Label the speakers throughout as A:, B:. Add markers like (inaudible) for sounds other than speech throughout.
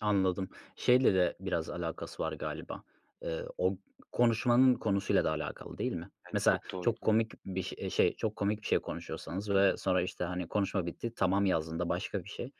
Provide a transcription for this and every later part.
A: Anladım. Şeyle de biraz alakası var galiba. Eee, o konuşmanın konusuyla da alakalı, değil mi?
B: Yani
A: Mesela
B: çok doğru,
A: çok
B: hı.
A: komik bir şe şey çok komik bir şey konuşuyorsanız
B: Hı hı.
A: ve sonra, işte, hani, konuşma bitti, "tamam" yazdığında başka bir şey,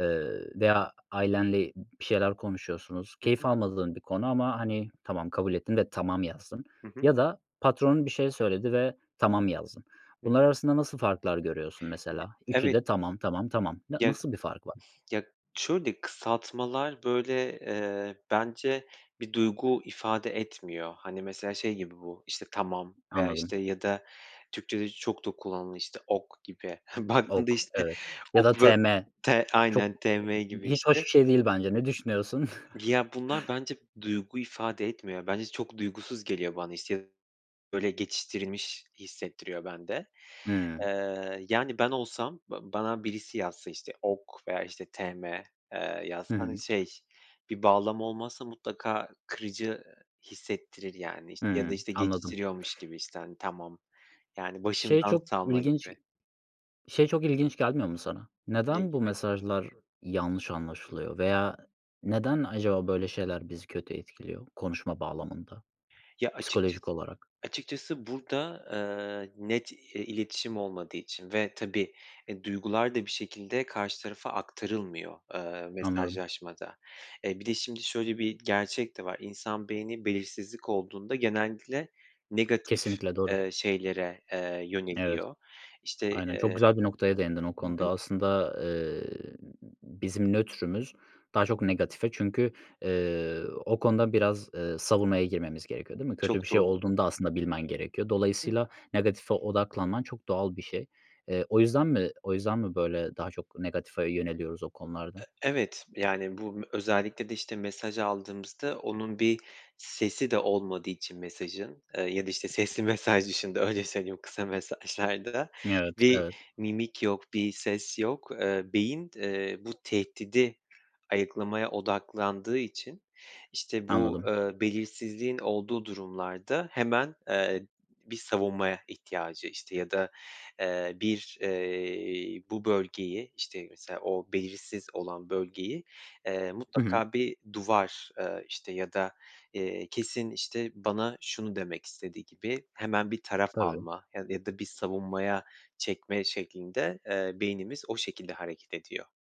A: ııı, veya ailenle bir şeyler konuşuyorsunuz.
B: Hı
A: Keyif
B: hı.
A: almadığın bir konu ama, hani, tamam kabul ettin ve "tamam" yazdın
B: Hı hı.
A: ya da patronun bir şey söyledi ve "tamam" yazdın.
B: Hı
A: Bunlar
B: hı.
A: arasında nasıl farklar görüyorsun
B: Gi
A: mesela? 3'ü
B: Evet.
A: de tamam, tamam, tamam. N
B: Ya,
A: nasıl bir fark var?
B: ya şöyle kısaltmalar böyle, eee, bence bir duygu ifade etmiyor. Hani, mesela, şey gibi bu, işte, tamam veya,
A: Anladım.
B: işte, ya da Türkçe'de çok da kullanılan, işte, OK gibi. (chuckles) Baktığında,
A: OK;
B: işte,
A: evet ya da
B: OK'u
A: tm
B: t
A: çok
B: Aynen, tm
A: (unintelligible)
B: gibi,
A: hiç hoş
B: işte.
A: bir şey değil bence. Ne düşünüyorsun? (chuckles)
B: Ya, bunlar bence duygu ifade etmiyor. Ya bence çok duygusuz geliyor bana, işte, ya da, böyle, geçiştirilmiş hissettiriyor bende.
A: Hıı.
B: Iıı, yani ben olsam ba bana birisi yazsa, işte, OK veya, işte, tm, ııı, yazsa,
A: Hı
B: hani,
A: hı.
B: şey, bir bağlamı olmazsa mutlaka kırıcı hissettirir yani, işte, ya da,
A: Hıı.
B: işte,
A: Anladım.
B: geçiştiriyormuş gibi, işte, hani, tamam. Yani
A: Şey
B: başımdan
A: çok
B: savma
A: ilginç
B: gibi.
A: şey çok ilginç gelmiyor mu sana?
B: Ne
A: Neden bu
B: gibi?
A: mesajlar yanlış anlaşılıyor veya neden acaba böyle şeyler bizi kötü etkiliyor konuşma bağlamında
B: Ya açıkçası
A: psikolojik olarak?
B: açıkçası burada, ııı, net i iletişim olmadığı için ve, tabii, e, duygular da bir şekilde karşı tarafa aktarılmıyor, ııı,
A: Anladım.
B: mesajlaşmada. E, bir de şimdi şöyle bir gerçek de var: İnsan beyni belirsizlik olduğunda genellikle negatif,
A: Kesinlikle doğru.
B: ııı, şeylere, eee,
A: Evet.
B: yöneliyor, işte,
A: Aynen
B: ııı
A: çok güzel bir noktaya değindin o
B: Hı
A: konuda.
B: hı.
A: Aslında ı ı ııı, bizim nötrümüz daha
B: Hı
A: çok
B: hı.
A: negatife çünkü, ııı, o konuda biraz, ııı, savunmaya girmemiz gerekiyor, değil mi? Kötü bir
B: Çok
A: şey
B: doğru. Hı
A: olduğunda
B: hı.
A: aslında bilmen gerekiyor.
B: Hı.
A: Dolayısıyla negatife odaklanman çok doğal bir şey. Eee, o yüzden mi o yüzden mi böyle daha çok negatife yöneliyoruz o konularda?
B: E evet. Yani bu m özellikle de, işte, mesaj aldığımızda onun bir sesi de olmadığı için mesajın, ııı, ya da, işte, sesli mesaj dışında öyle söyleyeyim kısa mesajlarda
A: Evet,
B: bir
A: evet.
B: mimik yok bir ses yok, ııı, beyin, ııı, bu tehdidi ayıklamaya odaklandığı için, işte, bu,
A: Anladım.
B: ııı, belirsizliğin olduğu durumlarda hemen, ııı, bir savunmaya ihtiyacı, işte, ya da, eee, bir, eee, bu bölgeyi, işte, mesela, o belirsiz olan bölgeyi, eee,
A: Hı hı.
B: mutlaka bir duvar, ııı, işte, ya da, ııı, kesin, işte, bana şunu demek istedi gibi hemen bir taraf
A: Tabii.
B: alma ya da ya da bir savunmaya çekme şeklinde, eee, beynimiz o şekilde hareket ediyor.